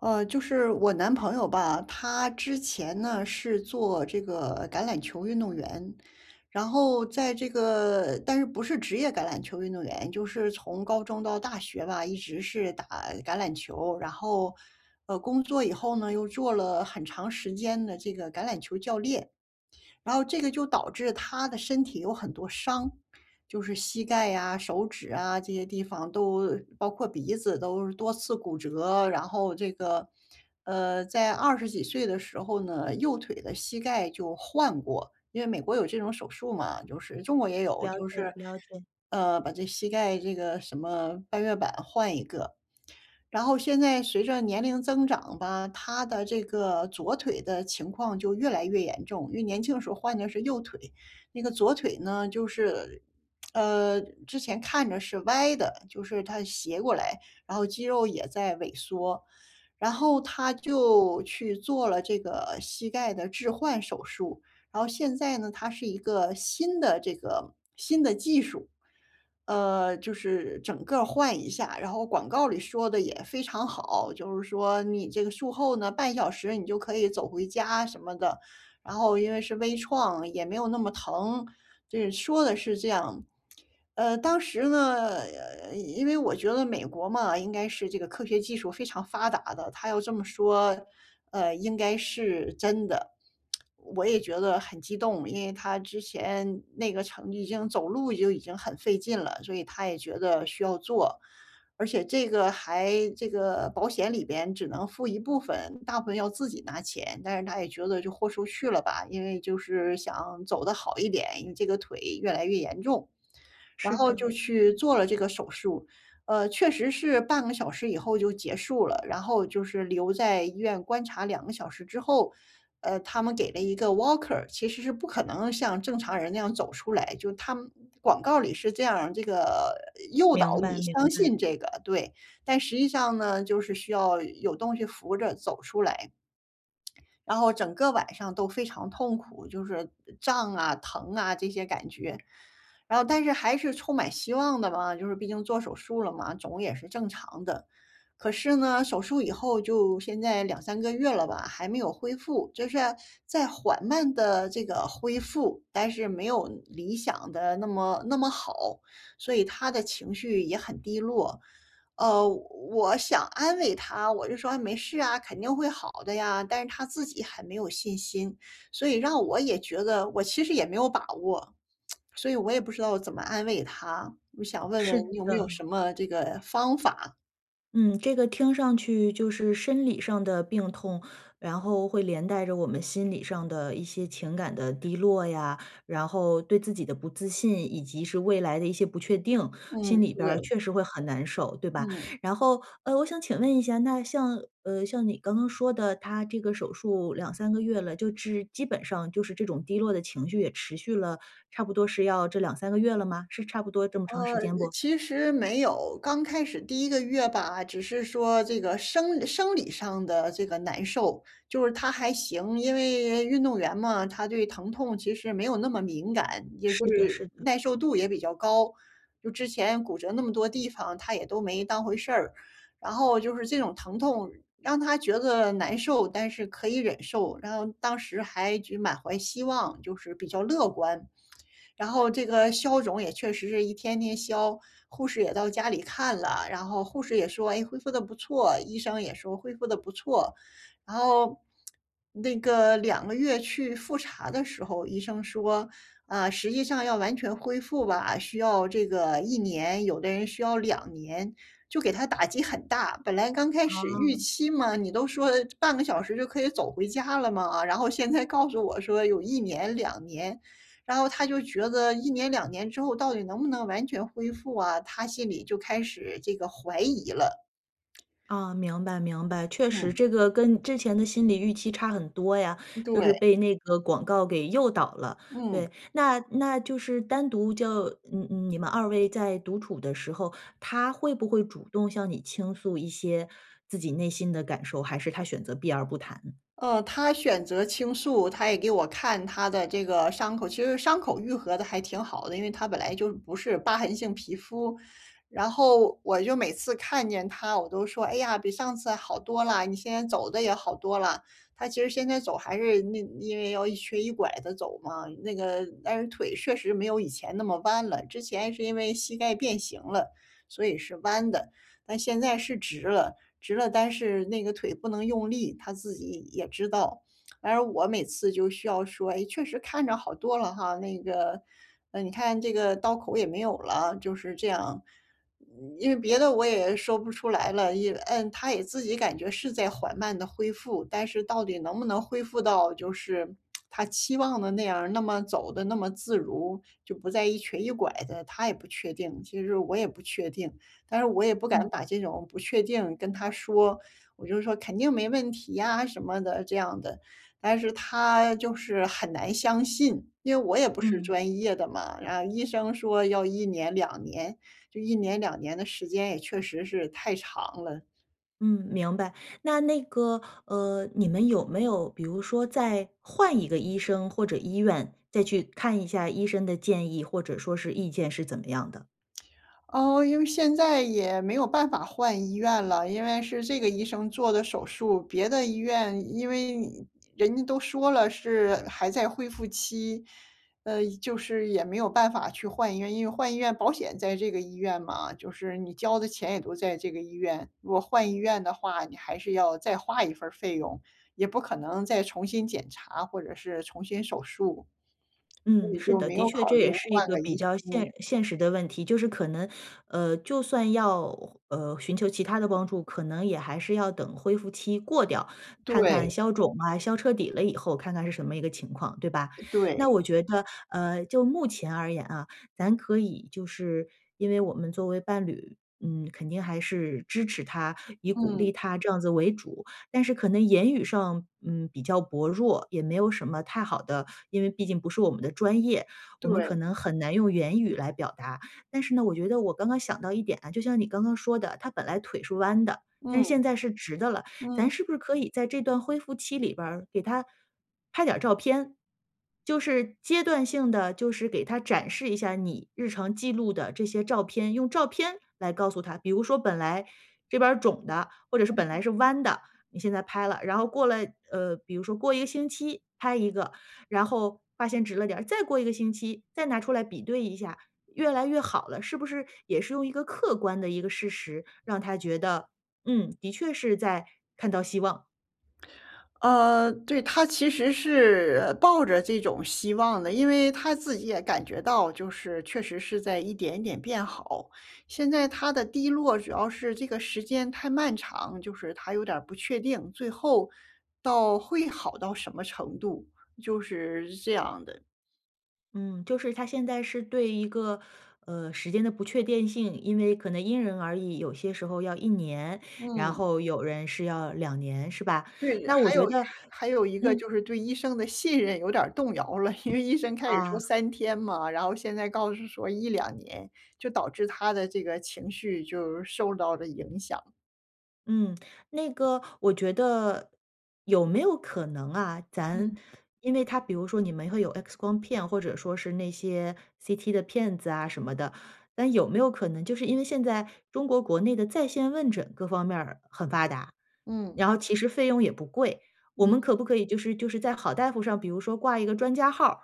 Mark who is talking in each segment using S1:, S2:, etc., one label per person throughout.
S1: 呃，就是我男朋友吧，他之前呢是做这个橄榄球运动员，然后在这个但是，不是职业橄榄球运动员，就是从高中到大学吧，一直是打橄榄球。然后，呃，工作以后呢，又做了很长时间的这个橄榄球教练，然后这个就导致他的身体有很多伤，就是膝盖啊、手指啊，这些地方都包括鼻子都多次骨折。然后这个，呃，在20几岁的时候呢，右腿的膝盖就换过。因为美国有这种手术嘛，就是中国也有
S2: 了
S1: 就
S2: 解
S1: 是，
S2: 了解。
S1: 呃，把这膝盖这个什么半月板换一个。然后现在随着年龄增长吧，他的这个左腿的情况就越来越严重。因为年轻的时候换的是右腿，那个左腿呢就是，呃，之前看着是歪的，就是它斜过来，然后肌肉也在萎缩。然后他就去做了这个膝盖的置换手术，然后现在呢，它是一个新的这个新的技术。呃，就是整个儿换一下，然后广告里说得也非常好，就是说你这个术后呢，半小时你就可以走回家什么的。然后因为是微创，也没有那么疼，这说的是这样。呃，当时呢，因为我觉得美国嘛，应该是这个科学技术非常发达的，他要这么说，呃，应该是真的。我也觉得很激动，因为他之前那个成已经走路就已经很费劲了，所以他也觉得需要做。而且这个还这个保险里边只能付一部分，大部分要自己拿钱。但是他也觉得就豁出去了吧，因为就是想走得好一点，因为这个腿越来越严重。然
S2: 是
S1: 后
S2: 的。
S1: 就去做了这个手术，呃，确实是半个小时以后就结束了。然后就是留在医院观察2个小时之后，呃，他们给了一个 walker，其实是不可能像正常人那样走出来，就他们广告里是这样儿这个诱导
S2: 明白
S1: 你
S2: 明
S1: 相
S2: 白。
S1: 信这个，对。但实际上呢，就是需要有东西扶着走出来。然后整个晚上都非常痛苦，就是胀啊、疼啊这些感觉。然后但是还是充满希望的嘛，就是毕竟做手术了嘛，肿也是正常的。可是呢，手术以后，就现在2-3个月了吧，还没有恢复。就是，在缓慢地这个恢复，但是没有理想得那么那么好，所以他的情绪也很低落。呃，我我想安慰他，我就说：“啊，没事啊，肯定会好的呀。”但是他自己很没有信心，所以让我也觉得我其实也没有把握。所以我也不知道怎么安慰他，我想问问
S2: 是
S1: 你有没有什
S2: 的。
S1: 么这个方法？
S2: 嗯，这个听上去就是生理上的病痛，然后会连带着我们心理上的一些情感的低落呀，然后对自己的不自信，以及是未来的一些不确定，心
S1: 嗯，
S2: 里边儿
S1: 对。
S2: 确实会很难受，对吧？
S1: 嗯。
S2: 然后，呃，我想请问一下，那像，呃，像你刚刚说的，他这个手术2-3个月了，就是基本上就是这种低落的情绪也持续了差不多是要这2-3个月了吗？是差不多这么
S1: 呃，
S2: 长时间不？
S1: 其实没有，刚开始第1个月吧，只是说这个生生理上的这个难受，就是他还行，因为运动员嘛，他对疼痛其实没有那么敏感，也就
S2: 是的
S1: 是
S2: 是的。
S1: 耐受度也比较高。就之前骨折那么多地方，他也都没当回事儿。然后就是这种疼痛让他觉得难受，但是可以忍受。然后当时还觉满怀希望，就是比较乐观。然后这个消肿也确实是一天天消，护士也到家里看了。然后护士也说：“诶，恢复得不错。”医生也说：“恢复得不错。”然后 那个2个月去复查的时候，医生说：“啊，实际上要完全恢复吧，需要这个1年，有的人需要2年。”就给他打击很大，本来刚开始预
S2: 哦。
S1: 期嘛，你都说半个小时就可以走回家了嘛。然后现在告诉我说有1年、2年，然后他就觉得1年、2年之后到底能不能完全恢复啊，他心里就开始这个怀疑了。
S2: 啊，明白明白。确实
S1: 嗯。
S2: 这个跟之前的心理预期差很多呀，就是
S1: 对。
S2: 被那个广告给诱导了，
S1: 嗯。
S2: 对。那那就是单独就你你们2位在独处的时候，他会不会主动向你倾诉一些自己内心的感受，还是他选择避而不谈？
S1: 呃，他选择倾诉，他也给我看他的这个伤口。其实伤口愈合得还挺好的，因为他本来就不是疤痕性皮肤。然后我就每次看见他，我都说：“哎呀，比上次好多了，你现在走得也好多了。”他其实现在走还是那因为要一瘸一拐地走嘛，那个但是腿确实没有以前那么弯了。之前是因为膝盖变形了，所以是弯的。但现在是直了，直了，但是那个腿不能用力，他自己也知道。然而我每次就需要说：“诶，确实看着好多了哈，那个，呃，你看这个刀口也没有了。”就是这样。因为别的我也说不出来了，也嗯，他也自己感觉是在缓慢地恢复。但是到底能不能恢复到就是 他期望的那样，那么走得那么自如，就不再一瘸一拐的，他也不确定。其实我也不确定，但是我也不敢
S2: 嗯。
S1: 把这种不确定跟他说，我就说：“肯定没问题呀”什么的这样的。但是他就是很难相信，因为我也不是
S2: 嗯。
S1: 专业的嘛。然后医生说要1年、2年，就1年、2年的时间也确实是太长了。
S2: 嗯，明白。那那个，呃，你们有没有比如说再换一个医生或者医院，再去看一下医生的建议，或者说是意见是怎么样的？
S1: 哦，因为现在也没有办法换医院了。因为是这个医生做的手术，别的医院因为人家都说了是还在恢复期，呃，就是也没有办法去换医院。因为换医院保险在这个医院嘛，就是你交的钱也都在这个医院。如果换医院的话，你还是要再花一份儿费用，也不可能再重新检查或者是重新手术。所
S2: 嗯，
S1: 以
S2: 是
S1: 就
S2: 的，
S1: 没
S2: 的
S1: 有
S2: 确
S1: 考
S2: 这
S1: 虑
S2: 也是一
S1: 换
S2: 个
S1: 个医
S2: 比较
S1: 生。
S2: 现现实的问题。就是可能，呃，就算要，呃，寻求其他的帮助，可能也还是要等恢复期过掉，看看
S1: 对。
S2: 消肿啊，消彻底了以后，看看是什么一个情况，对吧？
S1: 呃对。
S2: 那我觉得，呃，就目前而言啊，咱可以就是因为我们作为伴侣，嗯，肯定还是支持他，以鼓
S1: 嗯。
S2: 励他这样子为主。但是可能言语上，嗯，比较薄弱，也没有什么太好的因为毕竟不是我们的专业，我们可
S1: 对。
S2: 能很难用言语来表达。但是呢，我觉得我刚刚想到一点啊，就像你刚刚说的，他本来腿是弯的，但是
S1: 嗯。
S2: 现在是直的了，咱
S1: 嗯。
S2: 是不是可以在这段恢复期里边儿，给他拍点儿照片，就是阶段性地就是给他展示一下你日常记录的这些照片。用照片来告诉他。比如说本来这边儿肿的，或者是本来
S1: 嗯。
S2: 是弯的，你现在拍了，然后过了呃，比如说过1个星期拍一个，然后发现直了点儿，再过1个星期，再拿出来比对一下，越来越好了。是不是也是用一个客观的一个事实，让他觉得：“嗯，的确是在看到希望。”
S1: 呃，对，他其实是抱着这种希望的，因为他自己也感觉到就是确实是在一点一点变好。现在他的低落主要是这个时间太漫长，就是他有点儿不确定，最后，到会好到什么程度，就是这样的。
S2: 嗯，就是他现在是对一个，呃，时间的不确定性，因为可能因人而异。有些时候要1年，然
S1: 嗯。
S2: 后有人是要2年是吧？
S1: 对，
S2: 那我
S1: 还有
S2: 觉得
S1: 还有一个
S2: 嗯。
S1: 就是对医生的信任有点儿动摇了。因为医生开始说
S2: 啊。
S1: 3天嘛，然后现在告诉说1-2年，就导致他的这个情绪就是受到了影响。
S2: 嗯，那个我觉得，有没有可能啊，咱
S1: 嗯。
S2: 因为他比如说你们会有 X 光片，或者说是那些 CT 的片子啊什么的。但有没有可能就是因为现在中国国内的在线问诊各方面儿很发达，
S1: 嗯。
S2: 然后其实费用也不贵。我
S1: 嗯。
S2: 们可不可以就是就是在好大夫上，比如说挂一个专家号儿，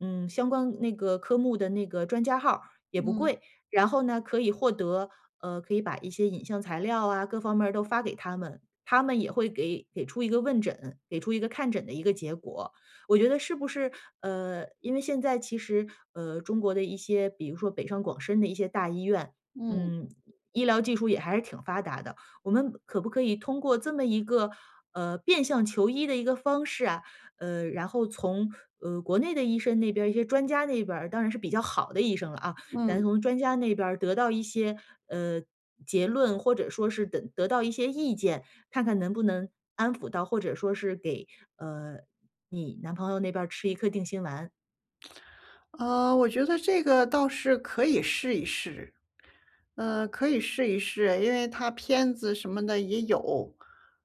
S2: 嗯，相关那个科目的那个专家号儿也不
S1: 嗯。
S2: 贵。然后呢，可以获得呃，可以把一些影像材料啊，各方面儿都发给他们，他们也会给给出一个问诊，给出一个看诊的一个结果。我觉得是不是，呃，因为现在其实，呃，中国的一些，比如说北上广深的一些大医院，
S1: 嗯。
S2: 嗯，医疗技术也还是挺发达的，我们可不可以通过这么一个，呃，变相求医的一个方式啊，呃，然后从，呃，国内的医生那边一些专家那边儿，当然是比较好的医生了啊，咱
S1: 嗯。
S2: 从专家那边儿得到一些，呃，结论。或者说是等得到一些意见，看看能不能安抚到或者说是给，呃，你男朋友那边儿吃一颗定心丸。
S1: 呃，我觉得这个倒是可以试一试，呃，可以试一试，因为他片子什么的也有，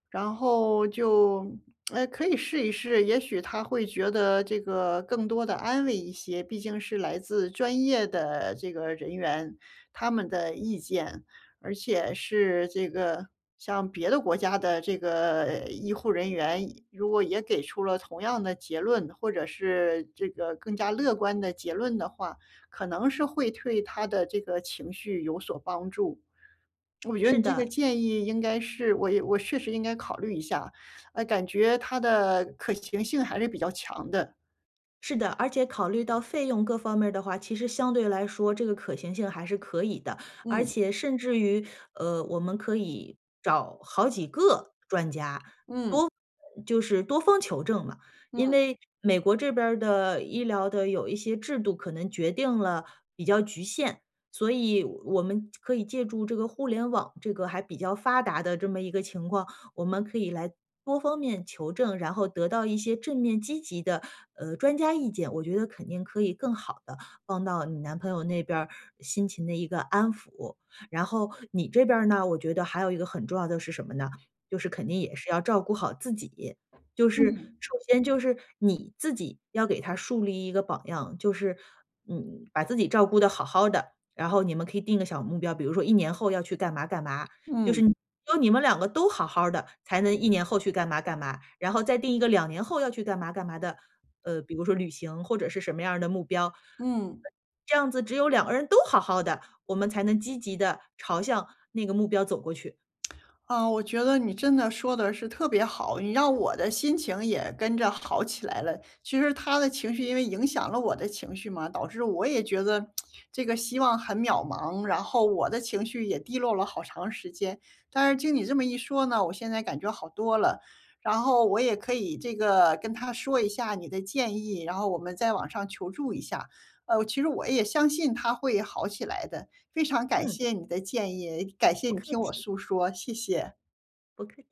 S1: 然后就 呃，可以试一试。也许他会觉得这个更多地安慰一些，毕竟是来自专业的这个人员，他们的意见。而且是这个像别的国家的这个医护人员，医如果也给出了同样的结论，或者是这个更加乐观的结论的话，可能是会对他的这个情绪有所帮助。我觉得
S2: 是
S1: 你这个
S2: 的。
S1: 建议应该是我也我确实应该考虑一下，呃，感觉它的可行性还是比较强的。
S2: 是的。而且考虑到费用各方面儿的话，其实相对来说，这个可行性还是可以的。而
S1: 嗯。
S2: 且甚至于，呃，我们可以找好几个专家，
S1: 嗯。
S2: 多就是多方求证嘛。因
S1: 嗯。
S2: 为美国这边儿的医疗的有一些制度，可能决定了比较局限，所以我们可以借助这个互联网这个还比较发达的这么一个情况，我们可以来多方面求证，然后得到一些正面积极的，呃，专家意见，我觉得肯定可以更好地帮到你男朋友那边儿，心情的一个安抚。然后你这边儿呢，我觉得还有一个很重要的是什么呢？就是肯定也是要照顾好自己。就是，
S1: 嗯。
S2: 首先就是你自己要给他树立一个榜样，就是，嗯，把自己照顾得好好的。然后你们可以定个小目标，比如说1年后要去干嘛干嘛。就
S1: 嗯。
S2: 是只有你们两个都好好儿的，才能1年后去干嘛干嘛。然后再定一个2年后要去干嘛干嘛的，呃，比如说旅行，或者是什么样儿的目标。
S1: 嗯。
S2: 这样子只有两个人都好好的，我们才能积极地朝向那个目标走过去。
S1: 啊，我觉得你真的说得是特别好，你让我的心情也跟着好起来了。其实他的情绪因为影响了我的情绪嘛，导致我也觉得 这个希望很渺茫，然后我的情绪也低落了好长时间。但是，听你这么一说呢，我现在感觉好多了。然后我也可以这个跟他说一下你的建议，然后我们在网上求助一下。呃，其实我也相信他会好起来的，非常感
S2: 嗯。
S1: 谢你的建议，感谢
S2: 不
S1: 你
S2: 客
S1: 听我
S2: 气。
S1: 诉说，谢谢。
S2: 不客气。